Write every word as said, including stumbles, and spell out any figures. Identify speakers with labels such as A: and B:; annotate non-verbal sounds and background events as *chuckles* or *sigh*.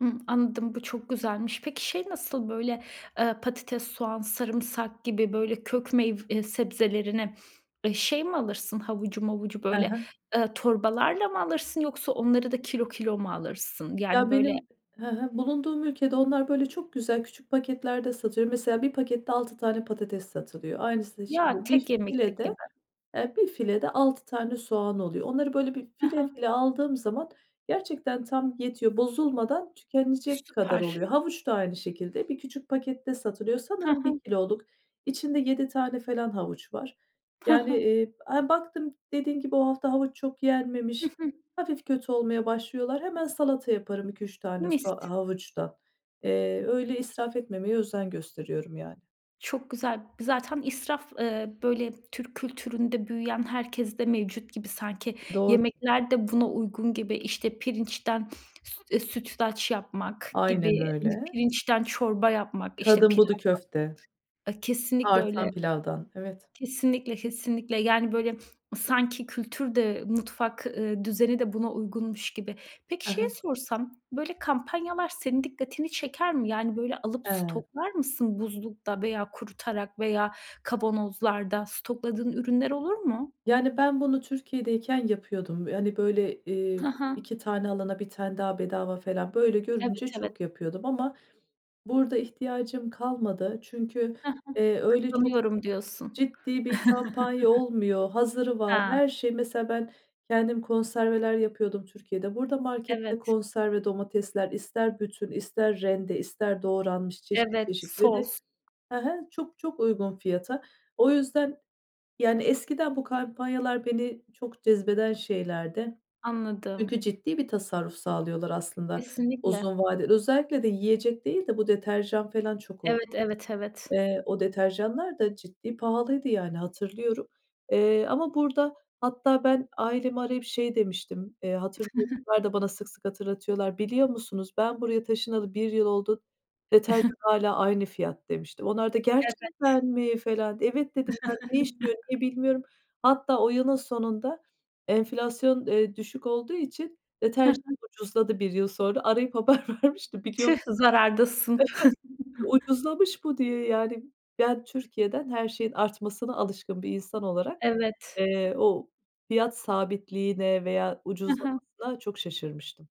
A: Hımm anladım. Bu çok güzelmiş. Peki şey nasıl böyle, ııı, patates soğan sarımsak gibi böyle kök meyv eee, sebzelerini, eee, şey mi alırsın havucu mavucu
B: Hı
A: böyle,
B: hı.
A: ııı, torbalarla mı alırsın yoksa onları da kilo kilo mu alırsın? Yani
B: Ya,
A: böyle
B: benim hı hı, bulunduğum ülkede onlar böyle, çok güzel küçük paketlerde satılıyor. Mesela bir pakette altı tane patates satılıyor. Aynısını
A: Ya,
B: şimdi
A: tek
B: bir
A: yemeklik
B: filede,
A: gibi.
B: eee, bir filede altı tane soğan oluyor. Onları böyle bir
A: Hı
B: file
A: hı.
B: file aldığım zaman gerçekten tam yetiyor. Bozulmadan tükenecek kadar
A: Süper.
B: oluyor. Havuç da aynı şekilde bir küçük pakette satılıyor,
A: Hı
B: sanırım bir
A: hı.
B: kiloluk. İçinde yedi tane falan havuç var.
A: Hı
B: Yani,
A: hı.
B: eee, hem baktım dediğim gibi o hafta havuç çok
A: Hı
B: yenmemiş,
A: hı.
B: hafif kötü olmaya başlıyorlar. Hemen salata yaparım iki üç tane so
A: Mis.
B: havuçtan. Eee, öyle israf etmemeye özen gösteriyorum yani.
A: Çok güzel. Zaten israf, ııı, böyle Türk kültüründe büyüyen herkeste mevcut gibi sanki
B: Doğru.
A: yemekler de buna uygun gibi, işte, pirinçten süt eee, sütlaç yapmak
B: Aynen
A: gibi,
B: öyle.
A: pirinçten çorba yapmak, işte,
B: Kadın budu
A: pilavdan,
B: köfte.
A: a ,kesinlikle öyle.
B: Artan pilavdan, evet.
A: Kesinlikle, kesinlikle yani böyle sanki kültür de mutfak, ııı, düzeni de buna uygunmuş gibi. Peki,
B: He
A: şeyi
B: he.
A: sorsam, böyle kampanyalar senin dikkatini çeker mi? Yani böyle alıp
B: He.
A: stoklar mısın buzlukta veya kurutarak veya kavanozlarda stokladığın ürünler olur mu?
B: Yani ben bunu Türkiye'deyken yapıyordum. Hani böyle, eee,
A: Ha ha.
B: iki tane alana bir tane daha bedava falan, böyle
A: Evet,
B: görünce
A: evet.
B: çok yapıyordum ama burada ihtiyacım kalmadı. Çünkü,
A: Ha ha.
B: eee, öyle çok
A: Kazanıyorum diyorsun.
B: ciddi bir kampanya
A: *chuckles*
B: olmuyor. Hazırı var.
A: Ha.
B: Her şey, mesela ben kendim konserveler yapıyordum Türkiye'de. Burada markette
A: Evet.
B: konserve domatesler ister bütün, ister rende, ister doğranmış. Çeşit
A: Evet,
B: çeşit ve de,
A: sos.
B: he he, çok çok uygun fiyata. O yüzden, yani eskiden bu kampanyalar beni çok cezbeden şeylerdi. Çünkü
A: Anladım.
B: ciddi bir tasarruf sağlıyorlar aslında
A: Kesinlikle.
B: uzun vadeli. Özellikle de yiyecek değil de bu deterjan falan çok ol
A: Evet, evet, evet.
B: eee, o deterjanlar da ciddi pahalıydı yani, hatırlıyorum, eee, ama burada hatta ben, ailemi arayıp şey demiştim. Eee hatırlıyor
A: *chuckles*
B: *unintelligible* da bana sık sık hatırlatıyorlar: "Biliyor musunuz? Ben buraya taşınalı bir yıl oldu. Deterjan
A: *chuckles*
B: hâlâ aynı fiyat." demiştim. Onlar da "Gerçekten
A: Evet.
B: mi?" falan di "Evet." dedim yani ne,
A: *chuckles*
B: *unintelligible* bilmiyorum. Hatta o yılın sonunda enflasyon, eee, düşük olduğu için
A: Hı hı.
B: deterjan ucuzladı bir yıl sonra. Arayıp haber vermiştim biliyor mus
A: Tüh!
B: *chuckles*
A: Zarardasın. *chuckles*
B: Ucuzlamış bu diye yani ben Türkiye'den her şeyin artmasına alışkın bir insan olarak,
A: Evet.
B: eee, o fiyat sabitliğine veya
A: Ha ha.
B: ucuzlamasına çok şaşırmıştım.